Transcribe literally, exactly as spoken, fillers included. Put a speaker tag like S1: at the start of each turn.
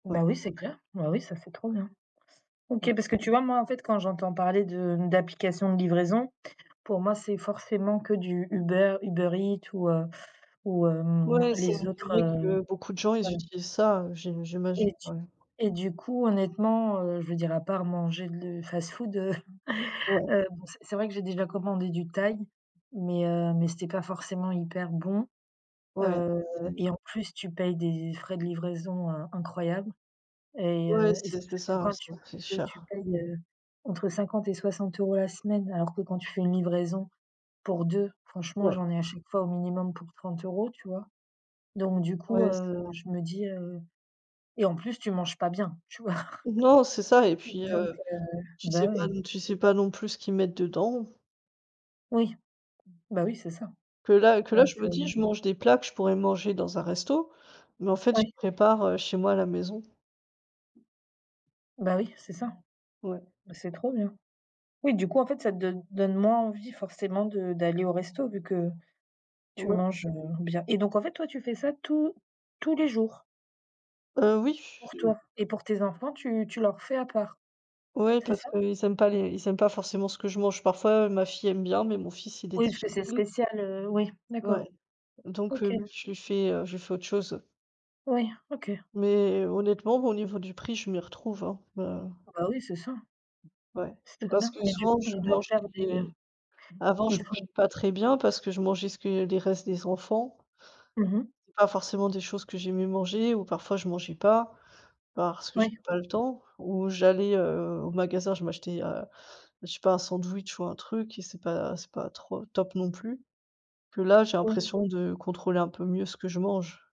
S1: Ouais.
S2: Bah, oui c'est clair! Bah, oui ça c'est trop bien. OK,
S1: Ouais.
S2: parce que tu vois, moi en fait quand j'entends parler de d'applications de livraison, pour moi c'est forcément que du Uber, UberEats ou, heu, ou, hem,
S1: Ouais, c'est
S2: les autres,
S1: vrai
S2: heu
S1: que beaucoup de gens ils
S2: ouais
S1: utilisent ça, heu, j'im j'imagine,
S2: et tu
S1: ouais.
S2: et du coup, honnêtement, heu, je veux dire, à part manger de le fast-food, heu,
S1: Ouais.
S2: heu, bon c'est c'est vrai que j'ai déjà commandé du thaï, mais heu, mais c'était pas forcément hyper bon.
S1: Ouais,
S2: Heu
S1: c'est
S2: et en plus, tu payes des frais de livraison in incroyables et
S1: Ouais,
S2: heu, est ce
S1: c'est c'est
S2: que
S1: ça hein.
S2: quand
S1: C'est
S2: tu
S1: c'est
S2: dit que tu
S1: cher.
S2: payes, heu, entre cinquante et soixante euros la semaine, alors que quand tu fais une livraison pour deux, franchement,
S1: Ouais.
S2: j'en ai à chaque fois au minimum pour trente euros tu vois? Donc du coup,
S1: Ouais c'est vrai.
S2: heu, je me dis, heu et en plus tu manges pas bien, tu vois?
S1: Non, c'est ça et puis,
S2: Donc
S1: heu,
S2: heu,
S1: tu
S2: bah
S1: sais pas
S2: ouais.
S1: non tu sais pas non plus ce qu'ils mettent dedans.
S2: Oui. Bah, oui c'est ça
S1: Que là que là
S2: donc
S1: je me
S2: heu
S1: dis: «Je mange des plats que je pourrais manger dans un resto, mais en fait je
S2: Ouais.
S1: prépare, heu, chez moi à la maison».
S2: Bah oui, c'est ça.
S1: Ouais.
S2: Bah, c'est trop bien. Oui du coup en fait ça te donne donne moins envie forcément de d'aller au resto vu que tu
S1: Ouais.
S2: manges, heu, bien et donc en fait, toi tu fais ça tous tous les jours?
S1: Heu, oui
S2: Pour
S1: ch
S2: toi et pour tes enfants tu tu leur fais à part?
S1: Ouais,
S2: C'est
S1: parce
S2: ça?
S1: qu'ils aiment les ils aiment pas forcément ce que je mange, parfois ma fille aime bien, mais mon fils il est
S2: Oui, parce que c'est
S1: difficile.
S2: spécial, heu, oui. D'accord,
S1: Ouais, donc
S2: OK.
S1: heu, non je lui fait, heu, je lui fait autre chose.
S2: Ouais, OK.
S1: Mais honnêtement au niveau du prix je m'y retrouve, hein. Heu
S2: Oh bah oui, c'est ça.
S1: Ouais.
S2: C'est très
S1: Parce
S2: bien
S1: que
S2: et du coup
S1: souvent je
S2: ils doivent faire des
S1: mangeais avant
S2: ils
S1: je mangeais
S2: font
S1: pas très bien, parce que je mangeais ce que les restes des enfants.
S2: Mmh mh.
S1: C'est pas forcément des choses que j'aimais manger ou parfois je mangeais pas. Parce que
S2: Ouais.
S1: j'avais pas le temps. Ou j'allais, heu, au magasin je m'achetais, heu, je sais pas un sandwich ou un truc et c'est pas c'est pas trop top non plus. Que là, j'ai
S2: Oui.
S1: l'impression de contrôler un peu mieux ce que je mange.